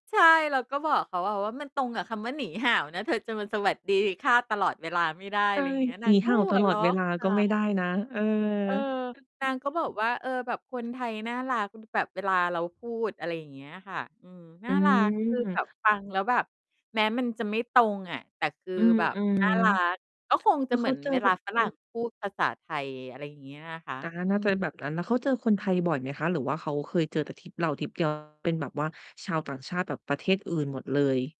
ใช่ เราก็บอกเขา ว ว่า มันตรงกับคำว่า "หนีห่าว" นะ เธอจะมา "สวัสดีค่ะ" ตลอดเวลาไม่ได้ ใชอ่ ะไรเงี้ย น"หนาีงกห็่าว" หัตวลอเรดาะ เวลาคก่็ไม่ไดะ ้นะ เออ เออ นางก็บอกว่า "เออ แบบคนไทยน่ารัก อือ แบบเวลาเราพูด" อะไรอย่างเงี้ยค่ะ อืม นอ่ืารัก คือแบม บฟังแล้วแบบแม้มันจะไม่ตรงอะ แต่คืออือ แบบอือ น่ารัก ก็คงแลจะ้วเเหขมืาอนเจอเวโหลา่ะ ฝอรัื่งอ พูดภาษาไทย อะไรอย่างเงี้ยอะคะ อา อืน่าจะม แบบนั้น แล้วเขาเจอคนไทยบ่อยไหมคะ? หรือว่าเขาเคยเจอแต่ทริปเราทริป เดียว เป็นแบบว่าชาวต่างชาติแบบประเทศอื่นหมดเลย?